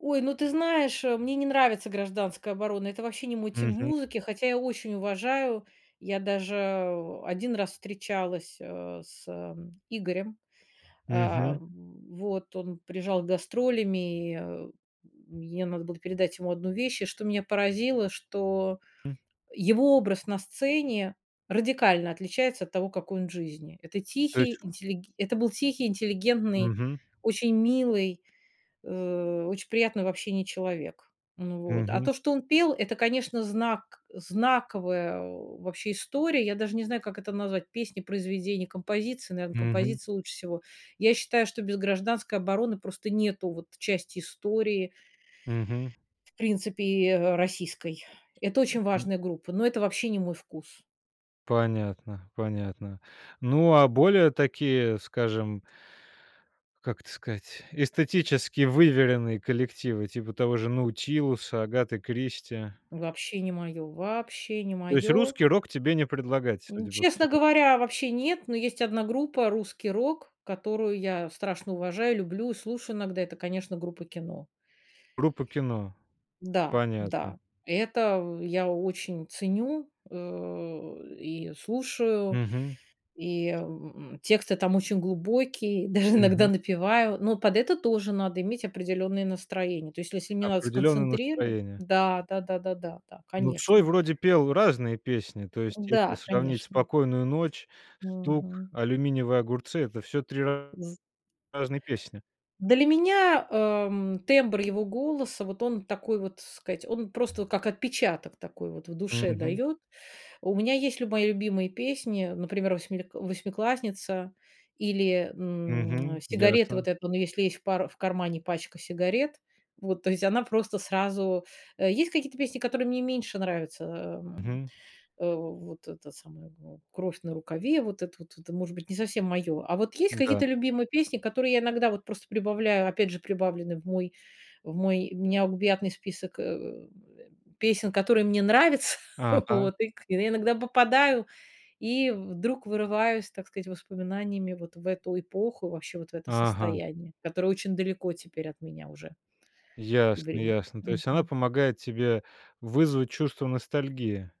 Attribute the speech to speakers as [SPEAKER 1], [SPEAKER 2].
[SPEAKER 1] Ой, ну, ты знаешь, э, мне не нравится "Гражданская оборона", это вообще не мой тип
[SPEAKER 2] Мгм.
[SPEAKER 1] музыки, хотя я очень уважаю. Я даже 1 раз встречалась, а, с э, Игорем. А,
[SPEAKER 2] Мгм.
[SPEAKER 1] вот он приезжал с гастролями, мне надо было передать ему 1 вещь, и, что меня поразило, что
[SPEAKER 2] М.
[SPEAKER 1] его образ на сцене радикально отличается от того, какой он в жизни. Это
[SPEAKER 2] То
[SPEAKER 1] тихий
[SPEAKER 2] есть
[SPEAKER 1] интеллиг это был тихий, интеллигентный,
[SPEAKER 2] Мгм.
[SPEAKER 1] очень милый, э, очень приятный в общении человек. Ну вот, а
[SPEAKER 2] Мгм.
[SPEAKER 1] то, что он пел, это, конечно, знак знаковая вообще история. Я даже не знаю, как это назвать: песни, произведения, композиции. Наверно,
[SPEAKER 2] Мгм.
[SPEAKER 1] композиции лучше всего. Я считаю, что без "Гражданской обороны" просто нету вот части истории
[SPEAKER 2] Мгм.
[SPEAKER 1] в принципе, э, российской. Это очень
[SPEAKER 2] Мгм.
[SPEAKER 1] важная группа, но это вообще не мой вкус.
[SPEAKER 2] Понятно, понятно. Ну, а более такие, скажем как это сказать, эстетически выверенные коллективы, типа того же "Наутилуса", "Агаты Кристи".
[SPEAKER 1] Вообще не моё, вообще не
[SPEAKER 2] То есть
[SPEAKER 1] моё.
[SPEAKER 2] русский рок тебе не предлагать,
[SPEAKER 1] М,
[SPEAKER 2] судя по
[SPEAKER 1] честно
[SPEAKER 2] всему?
[SPEAKER 1] говоря, вообще нет, но есть 1 группа, русский рок, которую я страшно уважаю, люблю и слушаю иногда. Это, конечно, группа "Кино".
[SPEAKER 2] Группа "Кино".
[SPEAKER 1] Да да,
[SPEAKER 2] Понятно.
[SPEAKER 1] это я очень ценю, э, и слушаю,
[SPEAKER 2] Мгм.
[SPEAKER 1] и, м, тексты там очень глубокие, даже иногда
[SPEAKER 2] Мгм.
[SPEAKER 1] напеваю, но под это тоже надо иметь определенное настроение. То есть, если мне надо
[SPEAKER 2] Определённое
[SPEAKER 1] сконцентриро
[SPEAKER 2] настроение.
[SPEAKER 1] да да да да да да,
[SPEAKER 2] Ну, Цой
[SPEAKER 1] конечно.
[SPEAKER 2] вроде пел разные песни. То есть, если
[SPEAKER 1] Да,
[SPEAKER 2] сравнить
[SPEAKER 1] конечно.
[SPEAKER 2] "Спокойную ночь", "Стук",
[SPEAKER 1] Мгм.
[SPEAKER 2] "Алюминиевые огурцы"- это всё 3
[SPEAKER 1] З
[SPEAKER 2] разные песни.
[SPEAKER 1] Для меня, ам, тембр его голоса, вот он такой, вот, сказать, он просто вот как отпечаток такой вот в душе
[SPEAKER 2] Мгм.
[SPEAKER 1] даёт. У меня есть люба мои любимые песни, например, восьми восьмиклассница или, м,
[SPEAKER 2] Мгм,
[SPEAKER 1] "Сигареты",
[SPEAKER 2] ясно.
[SPEAKER 1] вот эту, "Он если в пара в кармане пачка сигарет". Вот, то есть она просто сразу Э, есть какие-то песни, которые мне меньше нравятся. Э, эм,
[SPEAKER 2] Мгм.
[SPEAKER 1] э, в вот эта самая, ну, "Кровь на рукаве"- вот это вот, может быть, не совсем моё, а вот есть
[SPEAKER 2] М-да.
[SPEAKER 1] какие-то любимые песни, которые я иногда вот просто прибавляю, опять же, прибавлены в мой в мой необъятный список, э, м, песен, которые мне нравятся,
[SPEAKER 2] Ага.
[SPEAKER 1] вот. И, к я иногда попадаю и вдруг вырываюсь, так сказать, воспоминаниями вот в эту эпоху, вообще вот в это
[SPEAKER 2] Ага.
[SPEAKER 1] состояние, которое очень далеко теперь от меня уже. И
[SPEAKER 2] Ясно
[SPEAKER 1] врем
[SPEAKER 2] ясно. То есть она
[SPEAKER 1] мгм.
[SPEAKER 2] помогает тебе вызвать чувство ностальгии?